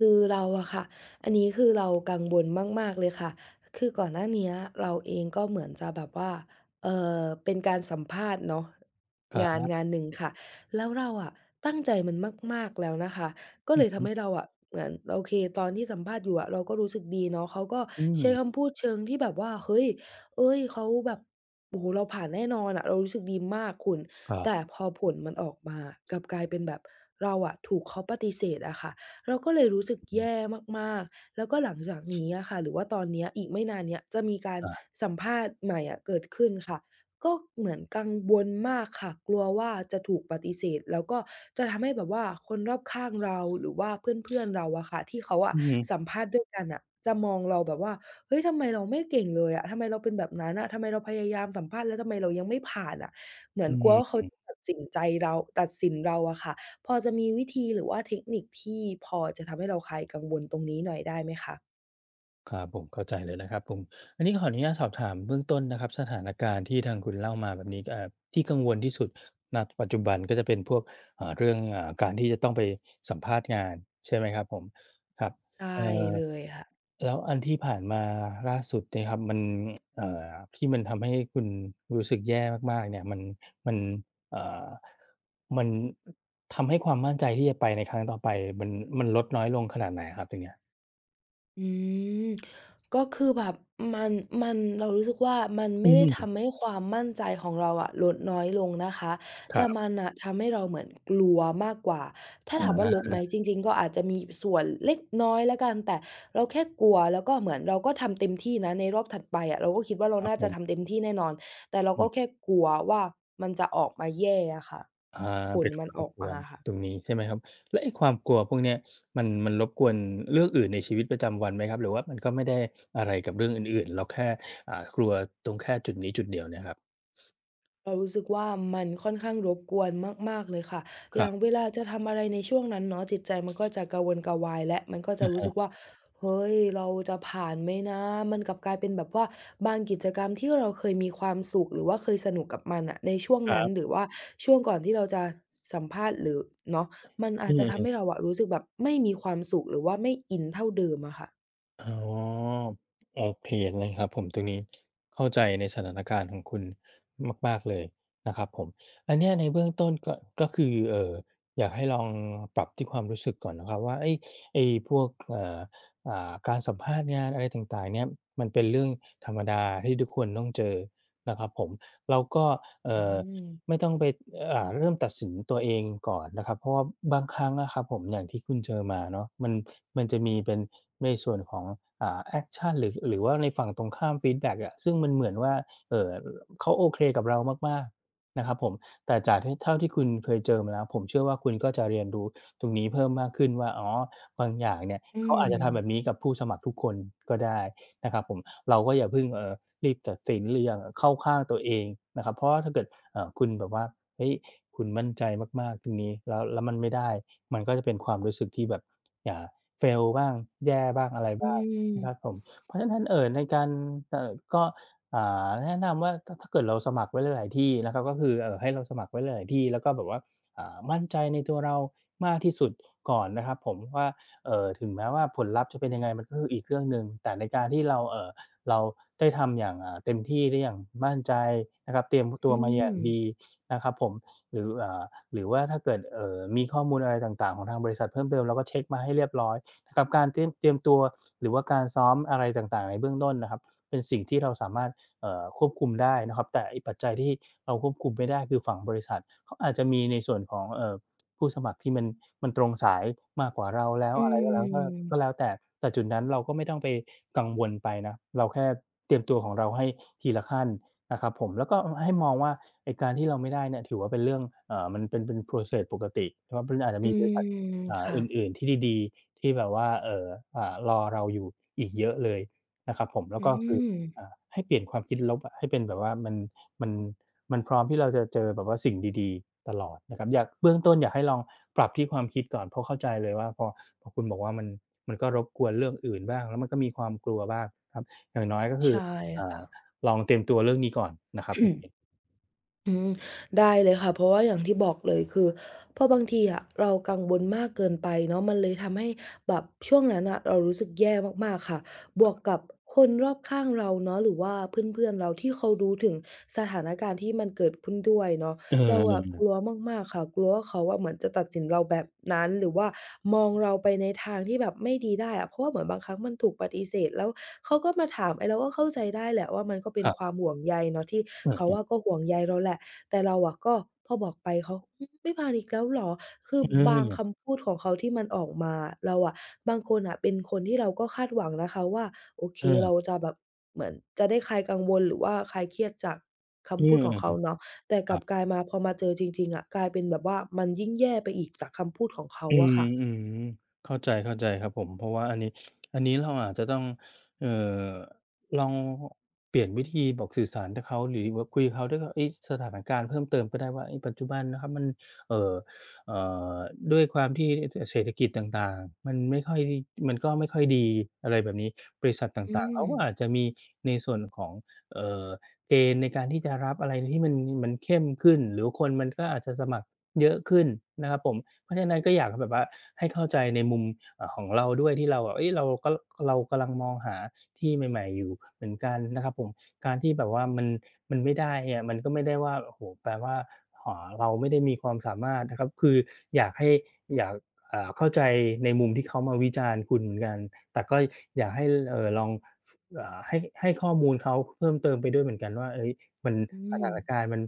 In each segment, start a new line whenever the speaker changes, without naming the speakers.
คือเราอะค่ะ อันนี้คือ เรากังวลมาก ๆ เลยค่ะ คือก่อนหน้าเนี้ยเราเองก็เหมือนจะแบบว่า เอ่อ เป็นการสัมภาษณ์เนาะ
ครั
งาน
บ
งานหนึ่งค่ะ แล้วเราอะตั้งใจมันมาก ๆ แล้วนะคะ ก็
อื
เล
อ
ย
ฮ
ทำให
ึ
้เราอะเหมือน โอเค ตอนที่สัมภาษณ์อยู่อะเราก็รู้สึกดีเนาะ เขาก็
อื
ใช้ค
ม
ำพูดเชิงที่แบบว่า เฮ้ย เอ๊ย เขาแบบ โอ้โฮ เราผ่านแน่นอนอะ เรารู้สึกดีมากคุณ
ก็
แต่พอผลมันออกมา กลับกลายเป็นแบบ เราอะถูกเขาปฏิเสธอะค่ะ เราก็เลยรู้สึก
อือฮ
แ
ึ
ย่มาก ๆ แล้วก็หลังจากนี้อะค่ะ หรือว่าตอนเนี้ย อีกไม่นานเนี้ย จะมีการ
อา
สัมภาษณ์ใหม่อะเกิดขึ้นค่ะ ก็เหมือนกังวลมากค่ะ กลัวว่าจะถูกปฏิเสธ แล้วก็จะทำให้แบบว่าคนรอบข้างเรา หรือว่าเพื่อน ๆ เราอะค่ะ ที่เขาอ
อ
ะ
ื้อฮือ
สัมภาษณ์ด้วย กันน่ะ จะมองเราแบบว่า เฮ้ย ทำไมเราไม่เก่งเลยอะ ทำไมเราเป็นแบบนั้นอะ ทำไมเราพยายามสัมภาษณ์ แล้วทำไมเรายังไม่ผ่านอะ เหมือนกลัวว่าเขา
[unintelligible]
จะตัดสินใจเรา ตัดสินเราอะค่ะ พอจะมีวิธี หรือว่าเทคนิคที่พอจะทำให้เราคลายกังวลตรงนี้หน่อยได้ไหมคะ?
ครับผม เข้าใจเลยนะครับผม อันนี้ขออนุญาตสอบถามเบื้องต้นนะครับ สถานการณ์ที่ทางคุณเล่ามาแบบนี้ ก็แอบ ที่กังวลที่สุด ณ ปัจจุบันก็จะเป็นพวก อ่า เรื่อง อ่า การที่จะต้องไปสัมภาษณ์งานใช่ไหมครับผม? ครับ
ได
เอ่
้
อ
เลย ค่ะ
แล้วอันที่ผ่านมาล่าสุดเนี่ยครับ มัน เอ่อ ที่มันทำให้คุณรู้สึกแย่มาก ๆ เนี่ย มัน มัน เอ่อ มัน อ ทำให้ความมั่นใจที่จะไปในครั้งต่อไปมัน มันลดน้อยลงขนาดไหนอะครับ? ตรงเนี้ย
อืม ก็คือแบบมัน มัน เรารู้สึกว่า มันไ
อ
ม
ื
่
อ
ได
ฮ
้
ึ
ทำให้ความมั่นใจของเราอะลดน้อยลงนะคะ
ค
แต
ร
่
ับ
มันน่ะทำให้เราเหมือนกลัวมากกว่า ถ้า
อ
ถามว่าลดไหม?
า
จริง ๆ ก็อาจจะมีส่วนเล็กน้อยแล้วกัน แต่เราแค่กลัว แล้วก็เหมือนเราก็ทำเต็มที่นะในรอบถัดไปอะ เราก็คิดว่า เรา
ครับ
น่า
ผ
จะ
ม
ทำเต็มที่แน่นอน แต่เรา
อ
ก็
ืม
แค่กลัวว่ามันจะออกมาแย่อะคะ
อา
ผ
เป
ล
็น
มันอ
รบ
อก
ก
ม
ว
า
น
ค่ะ
ตรงนี้ใช่ไหมครับ? แล้วไอ้ความกลัวพวกเนี้ย มัน มันรบกวนเรื่องอื่นในชีวิตประจำวันไหมครับ? หรือว่ามันก็ไม่ได้อะไรกับเรื่องอื่น ๆ เราแค่ อ่า กลัวตรงแค่จุดนี้จุดเดียวเนี่ยครับ?
เรารู้สึกว่า มันค่อนข้างรบกวนมาก ๆ เลยค่ะ อ
ค
ย
ร
่า
ับ
งเวลาจะทำอะไรในช่วงนั้นเนาะ จิตใจมันก็จะกระวนกระวาย และมันก็
อ
จะ
ะ
ร
ฮ
ู้ส
ะ
ึกว่า เฮ้ย เราจะผ่านไหมนะ? มันกลับกลายเป็นแบบว่าบางกิจกรรมที่เราเคยมีความสุข หรือว่าเคยสนุกกับมันน่ะ ในช่วง
ครั
นั้น
บ
หรือว่าช่วงก่อนที่เราจะสัมภาษณ์ หรือ เนาะ มันอ
อื
าจจะ
อ
ท
ๆ อื
ำให
ม
้เราอะรู้สึกแบบไม่มีความสุข หรือว่าไม่อินเท่าเดิมอะคะ
อ๋อ โอเคนะครับผมตรงนี้ เข้าใจในสถานการณ์ของคุณมาก ๆ เลยนะครับผม อันเนี้ยในเบื้องต้นก็ ก็คือ เอ่อ อยากให้ลองปรับที่ความรู้สึกก่อนนะครับว่า ไอ้ ไอ้พวก เอ่อ อ่า การสัมภาษณ์งาน อะไรต่าง ๆ เนี่ย มันเป็นเรื่องธรรมดาที่ทุกคนต้องเจอนะครับผม เราก็ เอ
อ
่
ื
อ
ม
ไม่ต้องไป อ่า เริ่มตัดสินตัวเองก่อนนะครับ เพราะว่าบางครั้งอะครับผม อย่างที่คุณเจอมาเนาะ มัน ส มันจะมีเป็นในส่วนของ อ่า แอกชัน หรือ หรือว่าในฝั่งตรงข้ามฟีดแบ็กอะ ซึ่งมันเหมือนว่า เอ่อ เขาโอเคกับเรามาก ๆ นะครับผม แต่จากที่ เท่าที่คุณเคยเจอมาแล้ว ผมเชื่อว่าคุณก็จะเรียนรู้ตรงนี้เพิ่มมากขึ้นว่า อ๋อ บางอย่างเนี่ย
อื
เขาอาจจะทำแบ
ม
บนี้กับผู้สมัครทุกคนก็ได้นะครับผม เราก็อย่าเพิ่ง เอ่อ รีบตัดสินหรืออย่าเข้าข้างตัวเองนะครับ เพราะว่าถ้าเกิดคุณแบบว่า เฮ้ย คุณมั่นใจมาก ๆ ตรงนี้ แล้ว แล้วมันไม่ได้ มันก็จะเป็นความรู้สึกที่แบบ อ่า fail บ้าง แย่บ้าง อะไร
อื
บ้างนะคร
ม
ับผม เพราะฉะนั้นถ้า เอ่อ ในการ เอ่อ ก็ อ่า แนะนำว่า ถ้า ถ้าเกิดเราสมัครไว้หลาย ๆ ที่นะครับ ก็คือ เอ่อ ให้เราสมัครไว้หลาย ๆ ที่ แล้วก็แบบว่า อ่า มั่นใจในตัวเรามากที่สุดก่อนนะครับผมว่า เอ่อ ถึงแม้ว่าผลลัพธ์จะเป็นยังไงมันก็คืออีกเรื่องหนึ่ง แต่ในการที่เรา เอ่อ เราได้ทำอย่าง อ่า เต็มที่ได้อย่างมั่นใจนะครับ เตรียมต
อ
ั
ื
วมาอย่างด
ม
ี นะครับผม หรือ อ่า หรือว่าถ้าเกิด เอ่อ มีข้อมูลอะไรต่าง ๆ ของทางบริษัทเพิ่มเติม เราก็เช็กมาให้เรียบร้อยนะครับ กับการเตรียม เตรียมตัว หรือว่าการซ้อมอะไรต่าง ๆ ในเบื้องต้นนะครับ เป็นสิ่งที่เราสามารถ เอ่อ ควบคุมได้นะครับ แต่ไอ้ปัจจัยที่เราควบคุมไม่ได้ คือฝั่งบริษัท เขาอาจจะมีในส่วนของ เอ่อ ผู้สมัครที่มัน มันตรงสายมากกว่าเราแล้ว
อื
อะไรก็แล้ว ถ้า ก็
ม
แล้วแต่ แต่จุดนั้นเราก็ไม่ต้องไปกังวลไปนะ เราแค่เตรียมตัวของเราให้ทีละขั้นนะครับผม แล้วก็ อ ให้มองว่า ไอ้การที่เราไม่ได้เนี่ย ถือว่าเป็นเรื่อง อ่า มันเป็น เป็น process ปกติ เพราะมันอาจจะ
อื
มีบริษัท
ม
อ่า
ค่
อ
ะ
ื่น ๆ ที่ดี ๆ ที่แบบว่า เอ่อ อ่า รอเราอยู่อีกเยอะเลยนะครับผม แล้
อ
ว
ื
ก็คือ
ม
อ่า ให้เปลี่ยนความคิดลบอะ ให้เป็นแบบว่ามัน มัน มันพร้อมที่เราจะเจอแบบว่าสิ่งดี ๆ ตลอดนะครับ อยาก เบื้องต้นอยากให้ลองปรับที่ความคิดก่อน เพราะเข้าใจเลยว่า พอ พอคุณบอกว่ามัน มันก็รบกวนเรื่องอื่นบ้าง แล้วมันก็มีความกลัวบ้างครับ อย่างน้อย ก็คื
ใช
อ
่
อ่
ค
า
่ะ
ลองเตรียมตัวเรื่องนี้ก่อนนะครับ โอเค
อืม ได้เลยค่ะ เพราะว่าอย่างที่บอกเลย คือเพราะบางที อะเรากังวลมากเกินไปเนาะ มันเลยทำให้แบบช่วงนั้นน่ะ เรารู้สึกแย่มาก ๆ ค่ะ บ
ค
วก
รับ
กับ คนรอบข้างเราเนาะ หรือว่าเพื่อน ๆ เราที่เขารู้ถึงสถานการณ์ที่มันเกิดขึ้นด้วยเนาะ
เออ
เรา
เน
อะ
ี่
ก
ย
ลัวมาก ๆ ค่ะ กลัวว่าเขาอะเหมือนจะตัดสินเราแบบนั้น หรือว่ามอง
อื
เราไป
ม
ในทางที่แบบไม่ดี ได้อะ เพราะว่าเหมือนบางครั้งมันถูกปฏิเสธ แล้วเขาก็มา ถาม ไอ้เราก็เข้าใจได้แหละว่า มันก็เป็
ค
น
รับ
ความห่วงใยเนาะที่
เอ
เขา
อ
อ
ๆ
ะก็ห่วงใยเราแหละ แต่เราอะก็ พอบอกไปเขา "อืม ไม่ผ่านอีกแล้วเหรอ?" คือ
เ
บางค
ออ
ำพูดของเขาที่มันออกมา เราอะ บางคนน่ะเป็นคนที่เราก็คาดหวังนะคะว่า โอเค
เ
เร
ออ
าจะแบบเหมือนจะได้คลายกังวล หรือว่าคลายเครียดจากค
เออ
ำพูดของเขาเนาะ แต่
ค
ก
ร
ล
ั
ับ
บ
กลายมา พอมาเจอจริง ๆ อะ กลายเป็นแบบว่ามันยิ่งแย่ไปอีกจากคำพูดของเขา
อื
อะค่ะ
ม ๆ เข้าใจ ๆ ครับผม เพราะว่าอันนี้ อันนี้เราอาจจะต้อง เอ่อ ลองเปลี่ยนวิธีบอกสื่อสารให้เขา หรือว่าคุยกับเขาด้วยว่า เฮ้ย สถานการณ์เพิ่มเติมก็ได้ว่า เฮ้ย ปัจจุบันนะครับมัน เอ่อ เอ่อ ด้วยความที่ ท เศรษฐกิจต่าง ๆ มันไม่ค่อย มันก็ไม่ค่อยดี อะไรแบบนี้ บริษัทต
อื
่าง ๆ เขาก็อา
ม
จจะมี ในส่วนของ เอ่อ เกณฑ์ในการที่จะรับอะไรที่มัน มันเข้มขึ้น หรือว่าคนมันก็อาจจะสมัครเยอะขึ้นนะครับผม เพราะฉะนั้นก็อยากให้แบบว่า ให้เข้าใจในมุม อ่า ของเราด้วย ที่เราอะ เฮ้ย เราก็ เรากำลังมองหาที่ใหม่ ๆ อยู่เหมือนกันนะครับผม การที่แบบว่ามัน มันไม่ได้เนี่ย มันก็ไม่ได้ว่า โอ้โฮ แปลว่า ห เราไม่ได้ มีความสามารถนะครับ คืออยากให้ อยาก อ่า เข้าใจในมุมที่เขามาวิจารณ์คุณเหมือนกัน แต่ ก็อยากให้ เอ่อ ลอง อ่า ให้ ให้ข้อมูลเขาเพิ่มเติมไปด้วยเหมือนกันว่า เฮ้ย มัน
อื
สถาน
ม
การณ์มัน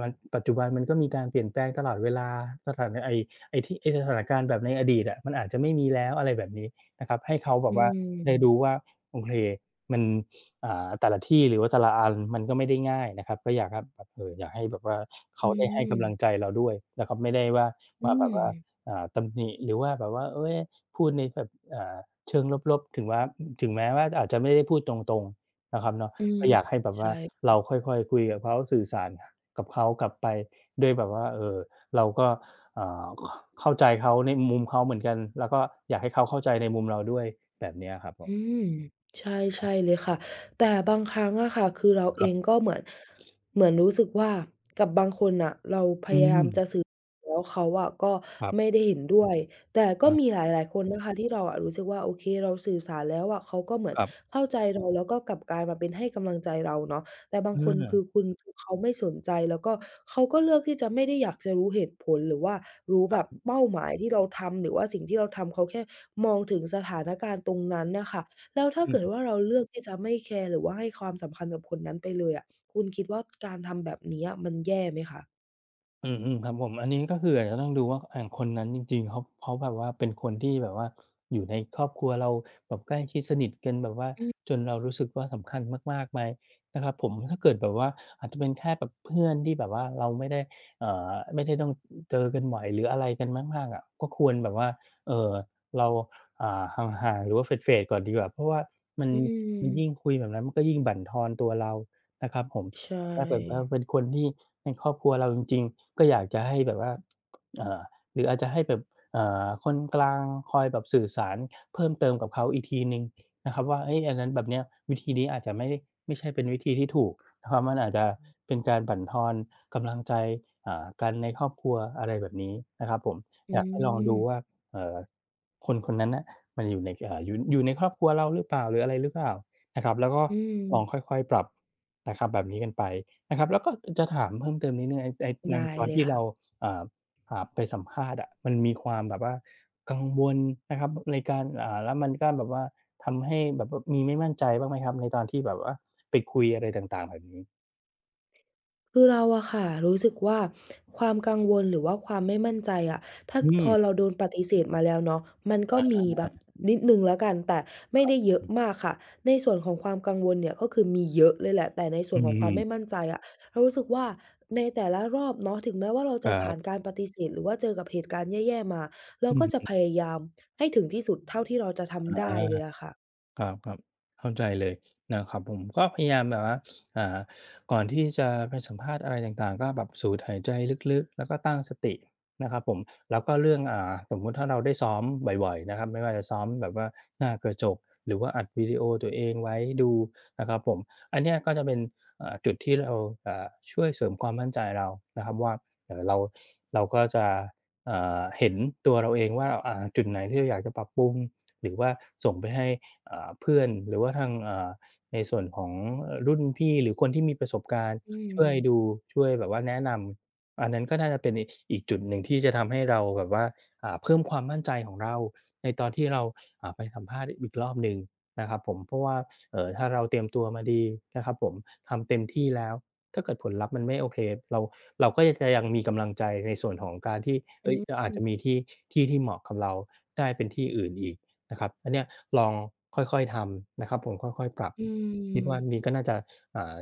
มัน ปัจจุบันมันก็มีการเปลี่ยนแปลงตลอดเวลา สถานะ ไอ้ ไอ้ที่ ไอ้สถานการณ์แบบในอดีตอะมันอาจจะไม่มีแล้ว อะไรแบบนี้ นะครับ ให้เขาแบ
อื
บว่า ได้รู้
ม
ว่า โอเค มัน อ่า แต่ละที่ หรือว่าแต่ละ อันมันก็ไม่ได้ง่ายนะครับ ก็อยาก ห แบบ เอ่อ อยากให้แบบว่า เข
อื
าได้ให้กำลั
ม
งใจเราด้วย แล้วก็ไม่ได้ว่า
อื
มาแบบว่า
ม
อ่า ตำหนิหรือว่าแบบว่า เฮ้ย พูดในแบบ อ่า เชิงลบ ๆ ถึงว่า อืม ถึงแม้ว่าอาจจะไม่ได้พูดตรง ๆ นะครับเนาะ
อื
ก
ม
็อยากให้แบบ
ใ
ว
ช
่า
่ค่
เร
ะ
าค่อย ๆ คุยกับเขาสื่อสาร กับเขากลับไป ด้วยแบบว่า เอ่อ เราก็ อ่า ข เข้าใจเขาในมุมเขาเหมือนกัน แล้วก็อยากให้เขาเข้าใจในมุมเราด้วย แบบเนี้ยครับผ
อื
ม
ม ใช่ ใ
ค
ช
ร
่
ับ
เลยค่ะ แต่บางครั้งอะค่ะ คือเรา
ค
เ
ร
อ
ั
งก
บ
็เหมือน เหมือนรู้สึกว่า กับบางคนน่ะเราพ
อื
ยาย
ม
ามจะสื่อ แล้วเขาอะก็
ครับ
ไม่ได้เห็นด้วย แต่
ค
ก็
รั
มีหล
บ ๆ
าย ๆ คนนะคะที่เราอะรู้สึกว่า โอเคเราสื่อสารแล้วอะ เขาก็เหมือน
ครับ
เข้าใจ เรา แล้วก็กลับกลายมาเป็นให้กำลังใจเราเนาะ แต่บา
อ
ง
ื
คนคื
อ
อคุณ คือ เขาไม่สนใจ แล้วก็เขาก็เลือกที่จะไม่ได้อยากจะรู้เหตุผล หรือว่ารู้แบ
ค
บ
รับ
เป้าหมาย ที่เราทำ หรือว่าสิ่งที่เราทำ เขาแค่มองถึงสถานการณ์ตรงนั้นน่ะค่ะ แล้วถ้า
อ
เกิด
ืม
ว่าเราเลือกที่จะไม่แคร์ หรือว่าให้ความสำคัญกับคนนั้นไปเลยอะ คุณคิดว่า การทำแบบเนี้ยมันแย่ไหมคะ?
อืม ๆ ครับผม อันนี้ ก็คืออาจจะต้องดูว่า ไอ้คนนั้นจริง ๆ เขา เขาแบบว่าเป็นคนที่แบบว่า อยู่ในครอบครัวเราแบบใกล้ชิดสนิทกันแบบว่า
อือ
จนเรารู้สึกว่าสำคัญมาก ๆ ไหมนะครับผม แล้วถ้าเกิดแบบว่า อาจจะเป็นแค่แบบเพื่อนที่แบบว่า เราไม่ได้ เอ่อ ไม่ได้ต้อง เจอกันบ่อย หรืออะไรกันมาก ๆ อะ ก็ควรแบบว่า เอ่อ เรา อ่า ห่าง ๆ หรือว่า เฟด ๆ ก่อนดีกว่า เพราะว่ามัน
อื
มันย
ม
ิ่งคุยแบบนั้น ก็ยิ่งบั่นทอนตัวเรานะครับผม
ใช่
แต่ถ้าเกิดว่าเป็นคนที่ เป็นครอบครัวเราจริง ๆ ก็อยากจะให้แบบว่า อ่า หรืออาจจะให้แบบ อ่า คนกลางคอยแบบสื่อสารเพิ่มเติมกับเขาอีกทีหนึ่งนะครับว่า เฮ้ย อันนั้นแบบเนี้ย วิธีนี้อาจจะไม่ได้ ไม่ใช่เป็นวิธีที่ถูกนะครับ มันอาจจะเป็นการบั่นทอนกำลังใจ อ่า กันในครอบครัว อะไรแบบนี้นะครับผม
อื
อยากให้ลองดู
ม
ว่า เอ่อ คนคนนั้นน่ะ มันอยู่ในสะ อ่า อยู่ อยู่ในครอบครัวเราหรือเปล่า หรืออะไรหรือเปล่านะครับ? แล้วก็
อื
ลอง
ม
ค่อย ๆ ปรับนะครับแบบนี้กันไปนะครับ แล้วก็ อือ จะถามเพิ่มเติมนิดหนึ่ง ไอ้ใน
ไ
ใ
ด
น
้
ตอน
เล
ท
ย
ี่
ค
เร
่
า
ะ
ซ อ่า อ่า ไปสัมภาษณ์อะ มันมีความแบบว่ากังวลนะครับ ในการ อ่า แล้วมันก็แบบว่า ทำให้แบบว่ามีไม่มั่นใจบ้างไหมครับ? ในตอนที่แบบว่า ไปคุยอะไรต่าง ๆ แบบนี้
คือเราอะคะรู้สึกว่า ความกังวล หรือว่าความไม่มั่นใจอะ ถ้า
อื
พ
ม
อเราโดนปฏิเสธมาแล้วเนาะ มัน
อ
ก็
ะ
ม
ฮ
ีแบบ
ะ
นิดหนึ่งแล้วกัน แต่ไม
ค
่
รั
ได
บ
้
ผ
เย
ม
อ
อ
ะ
ืม
มากค่ะ ในส่วนของความกังวลเนี่ย ก็คือมีเยอะเลยแหละ แต่ในส่
อื
วน
อ
ขอ
ฮ
งความไม่
ึ
มั่นใจอะ เรารู้สึกว่า ในแต่ละรอบเนาะ ถึงแม้ว่าเราจ
คร
ะผ
ั
่า
บ
นการปฏิเสธ หรือว่าเจอกับเหตุการณ์แย่ ๆ มา เรา
อือ
ก็
ฮ
จะพ
ึ
ยายามให้ถึงที่สุด เท่าที่เราจะท
อา
ำได้เลยอะคะ
ครับ ๆ เข้าใจเลยนะครับผม ก็พยายามแบบว่า อ่า ก่อนที่จะไปสัมภาษณ์อะไรต่าง ๆ ก็แบบสูดหายใจลึก ๆ แล้วก็ตั้งสตินะครับผม แล้วก็เรื่อง อ่า สมมุติถ้าเราได้ซ้อมบ่อย ๆ นะครับ ไม่ว่าจะซ้อมแบบว่าหน้ากระจก หรือว่าอัดวิดีโอตัวเองไว้ดูนะครับผม อันเนี้ยก็จะเป็น อ่า จุดที่เรา อ่า ช่วยเสริมความมั่นใจเรานะครับว่า เอ่อ เรา เราก็จะ เอ่อ เห็นตัวเราเองว่า เอ่อ จุดไหนที่เราอยากจะปรับปรุง หรือว่าส่งไปให้ อ่า เพื่อน หรือว่าทาง อ่า ในส่วนของ เอ่อ รุ่นพี่ หรือคนที่มีประสบการณ์
อื
ช่วยด
ม
ู ช่วยแบบว่าแนะนำ อันนั้นก็น่าจะเป็นอีก ส อีกจุดหนึ่งที่จะทำให้เราแบบว่า อ่า เพิ่มความมั่นใจของเรา ในตอนที่เรา อ่า ไปสัมภาษณ์อีกรอบหนึ่งนะครับผม เพราะว่า เอ่อ ถ้าเราเตรียมตัวมาดีนะครับผม ทำเต็มที่แล้ว ถ้าเกิดผลลัพธ์มันไม่โอเค เรา เราก็จะยัง มีกำลังใจในส่วนของการที่ เ
อ
ฮ
ื
้ย
อ
เราอ
ฮ
าจจ
ึ
ะมีที่ ที่ที่เหมาะกับเราได้ เป็นที่อื่นอีกนะครับ อันเนี้ยลองค่อย ๆ ทำนะครับผม ค่อย ๆ ปรับ
อื
คิดว่าอัน
ม
นี้ก็น่าจะ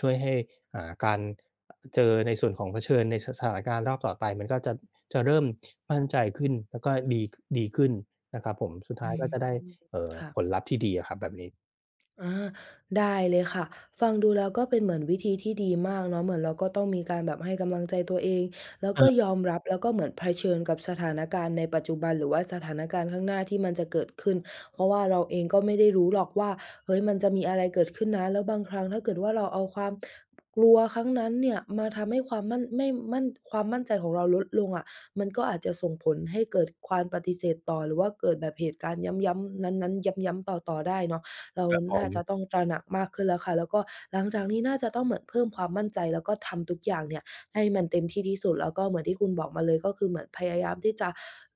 ช่วยให้ อ่า การ เจอในส่วนของเผชิญใน ส สถานการณ์รอบต่อไป มันก็จะ จะเริ่มมั่นใจขึ้น แล้วก็ดี ค ดีขึ้นนะครับผม สุดท
อ
้
ื
าย
ม
ก็จะได้ เอ่อ
ค่ะ
ผลลัพธ์ที่ดีอะครับแบบนี้
อา ได้เลยค่ะ ฟังดูแล้วก็เป็นเหมือนวิธีที่ดีมากเนาะ เหมือนเราก็ต้องมีการแบบให้กำลังใจตัวเอง แล้วก็ยอมรับ แล้วก็เหมือนเผชิญกับสถานการณ์ในปัจจุบัน หรือว่าสถานการณ์ข้างหน้าที่มันจะเกิดขึ้น เพราะว่าเราเองก็ไม่ได้รู้หรอกว่า เฮ้ย มันจะมีอะไรเกิดขึ้นนะ แล้วบางครั้งถ้าเกิดว่าเราเอาความ กลัวครั้งนั้นเนี่ย มาทำให้ความมั่น ไม่มั่น ความมั่นใจของเราลดลงอะ มันก็อาจจะส่งผลให้เกิดความปฏิเสธต่อ หรือว่าเกิดแบบเหตุการณ์ย้ำ ๆ นั้น ๆ ย้ำ ๆ ต่อ ๆ ได้เนาะ เรา
แต่ข
น
อ
่าจ
ง
ะต้องตระหนักมากขึ้นแล้วค่ะ แล้วก็หลังจากนี้น่าจะต้องเหมือนเพิ่มความมั่นใจ แล้วก็ทำทุกอย่างเนี่ยให้มันเต็มที่ที่สุด แล้วก็เหมือนที่คุณบอกมาเลย ก็คือเหมือนพยายามที่จะ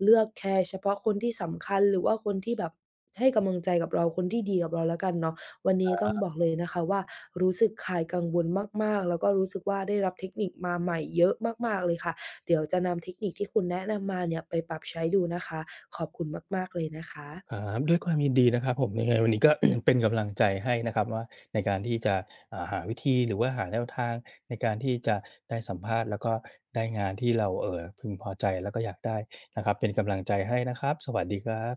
เลือกแคร์เฉพาะคนที่สำคัญ หรือว่าคนที่แบบ ให้ก
อื
ำ
ม
ลังใจกับเรา คนที่ดีกับเราแล้วกันเนาะ วันนี
ค
้ต้
ร
อ
ั
ง
บ
บอกเลยนะคะว่า รู้สึกคลายกังวลมาก ๆ แล้วก็รู้สึกว่าได้รับเทคนิคมาใหม่เยอะมาก ๆ เลยค่ะ เดี๋ยวจะนำเทคนิคที่คุณแนะนำมาเนี่ย ไปปรับใช้ดูนะคะ ขอบคุณมาก ๆ เลยนะคะ
อา ด้วยความยินดีนะครับผม ยังไงวันนี้ก็ เป็นกำลังใจให้นะครับว่า ในการที่จะ อ่า หาวิธี หรือว่าหาแนวทางในการที่จะได้สัมภาษณ์ แล้วก็ได้งาน ที่เรา เอ่อ พึงพอใจแล้วก็อยากได้นะครับ เป็นกำลังใจให้นะครับ สวัสดีครับ